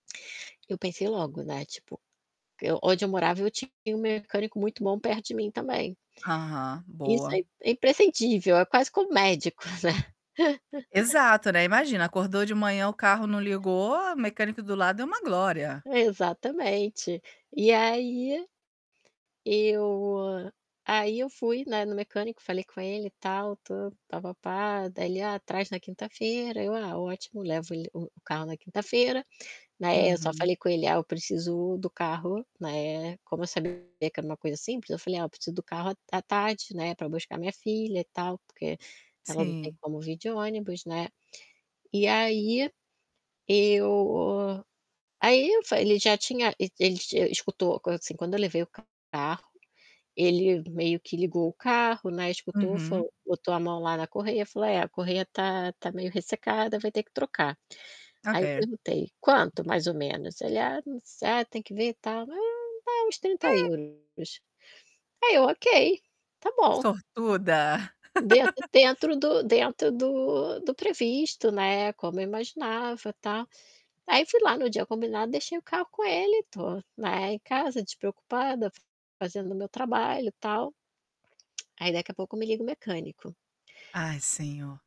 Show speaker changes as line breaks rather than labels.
Eu pensei logo, né, tipo, eu Onde eu morava, eu tinha um mecânico muito bom perto de mim também.
Aham,
Isso
boa.
é é imprescindível, é quase como médico, né?
Exato, né, imagina, acordou de manhã, o carro não ligou. O mecânico do lado é uma glória.
Exatamente. E aí, eu aí, eu fui, né, no mecânico, falei com ele, tal, tudo, pá pá pá. Daí ele: "Ah, traz na quinta-feira". Eu: "Ah, ótimo". Levo ele o carro na quinta-feira, né, eu só
Uhum.
falei com ele: "Ah, eu preciso do carro". Né, como eu sabia que que era uma coisa simples, eu falei: "Ah, eu preciso do carro à à tarde, né, pra buscar minha filha, tal, porque ela não tem
Sim.
como vir de ônibus". Né. E aí, eu ai, eu falei ele já tinha e ele tinha escutou, coisa assim, quando eu levei o carro, ele meio que ligou o carro, né, escutou,
Uhum.
falou, botou a mão lá na correia, falou: "É, a correia tá tá meio ressecada, vai ter que trocar". Aí, eu
Ok.
perguntei: "Quanto, mais ou menos?". Ele: "Ah, não sa tem que ver e tal, mas é é uns 30€
Hum
euros. "Aí eu: "ok, tá bom".
Sortuda!
Dentro dentro do dentro do do previsto, né, como eu imaginava, tal. Aí fui lá no dia combinado, deixei o carro com ele. Tô, né, em casa, despreocupada, fazendo meu trabalho, tal. Aí, daqui a pouco me liga o mecânico.
Ai, Senhor.